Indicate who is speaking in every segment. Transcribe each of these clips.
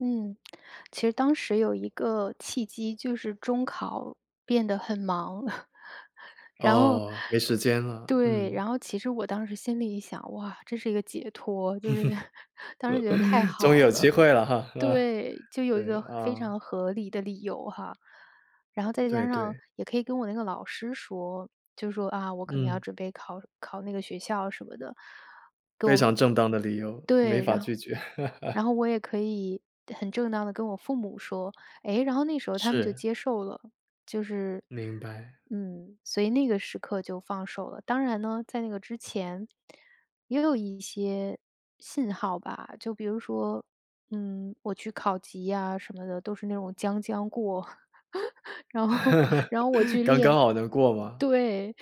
Speaker 1: 嗯，其实当时有一个契机，就是中考变得很忙。然后
Speaker 2: 哦，没时间了，
Speaker 1: 对，
Speaker 2: 嗯。
Speaker 1: 然后其实我当时心里一想，哇，这是一个解脱，就是 当时觉得太
Speaker 2: 终于
Speaker 1: 好
Speaker 2: 有机
Speaker 1: 了。
Speaker 2: 会了哈，是吧？
Speaker 1: 对，就有
Speaker 2: 对，
Speaker 1: 一个非
Speaker 2: 啊。
Speaker 1: 常合理的理由哈。然后再
Speaker 2: 对
Speaker 1: 加上，
Speaker 2: 对。
Speaker 1: 也可以跟我那个老师说，就说，啊，我可能要
Speaker 2: 嗯。
Speaker 1: 准备考考那个学校什么的。跟我
Speaker 2: 非常正当的理由，没
Speaker 1: 对，
Speaker 2: 法
Speaker 1: 然后
Speaker 2: 拒绝。
Speaker 1: 然 后，我也可以很正当地跟我父母说。诶，然后那时候他们就
Speaker 2: 是。
Speaker 1: 接受了，就是，
Speaker 2: 明白。
Speaker 1: 嗯，所以那个时刻就放手了。当然呢，在那个之前，也有一些信号吧，就比如说，嗯，我去考级呀什么的，都是那种将将过。然后然后我 去
Speaker 2: 刚刚
Speaker 1: 练
Speaker 2: 好能过吗？
Speaker 1: 对，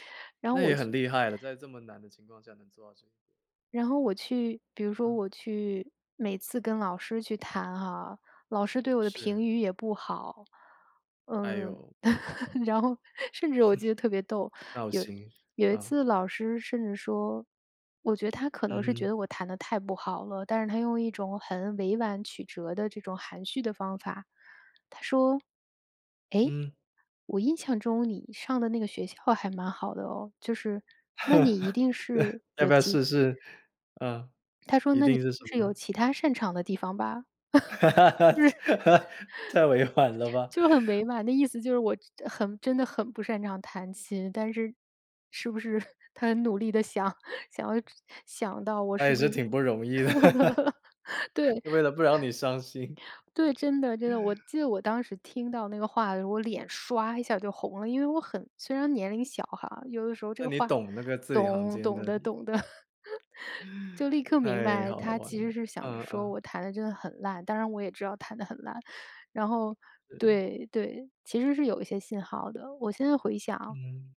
Speaker 1: 然后
Speaker 2: 那
Speaker 1: 我
Speaker 2: 也很
Speaker 1: 就
Speaker 2: 厉害了，在这么难的情况下能做到这一点。
Speaker 1: 然后我去比如说
Speaker 2: 嗯。
Speaker 1: 我去每次跟老师去弹哈，老师对我的
Speaker 2: 是。
Speaker 1: 评语也不好。
Speaker 2: 哎
Speaker 1: 嗯，
Speaker 2: 呦。
Speaker 1: 然后，甚至我记得特别逗，
Speaker 2: 闹
Speaker 1: 有
Speaker 2: 心，
Speaker 1: 有一
Speaker 2: 嗯。
Speaker 1: 次老师甚至说我觉得她可
Speaker 2: 嗯
Speaker 1: 能是觉
Speaker 2: 哼。
Speaker 1: 得我弹得太不好了，但是她用一种很委婉曲折的这种含蓄的方法，她说，诶，
Speaker 2: 嗯。
Speaker 1: 我印象中你上的那个学校还蛮好的哦，就是那你一定 是
Speaker 2: 要
Speaker 1: 有
Speaker 2: 不要
Speaker 1: 其
Speaker 2: 试试，呃。
Speaker 1: 她说，
Speaker 2: 一
Speaker 1: 那你一
Speaker 2: 定是什
Speaker 1: 定是
Speaker 2: 么
Speaker 1: 有
Speaker 2: 呢？
Speaker 1: 其它擅长的地方吧。
Speaker 2: 太委婉了 吧。
Speaker 1: 就是就很委婉，那意思就是，我很真的很不擅长弹琴，但是，是不是，她很努力地想想想到，我
Speaker 2: 那
Speaker 1: 是
Speaker 2: 也
Speaker 1: 不
Speaker 2: 是
Speaker 1: 是
Speaker 2: 挺不容易的。
Speaker 1: 对。
Speaker 2: 为了不让你伤心。
Speaker 1: 对，真的真的，我 记得我当时听到那个话的时候，我脸刷一下就红了，因为我很虽然年龄小哈，有的时候这
Speaker 2: 那
Speaker 1: 个
Speaker 2: 你
Speaker 1: 话，
Speaker 2: 懂那个字里行
Speaker 1: 懂
Speaker 2: 间
Speaker 1: 懂
Speaker 2: 的
Speaker 1: 的懂的。就 立刻明
Speaker 2: 太
Speaker 1: 白，
Speaker 2: 好
Speaker 1: 她
Speaker 2: 玩
Speaker 1: 其实
Speaker 2: 了，
Speaker 1: 是想着
Speaker 2: 嗯
Speaker 1: 说，
Speaker 2: 嗯。
Speaker 1: 我弹得真的很烂，当然我也知道弹得很烂，然后
Speaker 2: 嗯。
Speaker 1: 对对，其实是有一些信号儿的，我现在回想
Speaker 2: 嗯。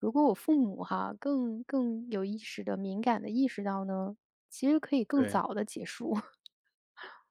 Speaker 1: 如果我父母哈，更更有意识地、敏感地意识到呢，其实可以更
Speaker 2: 对。
Speaker 1: 早地结束。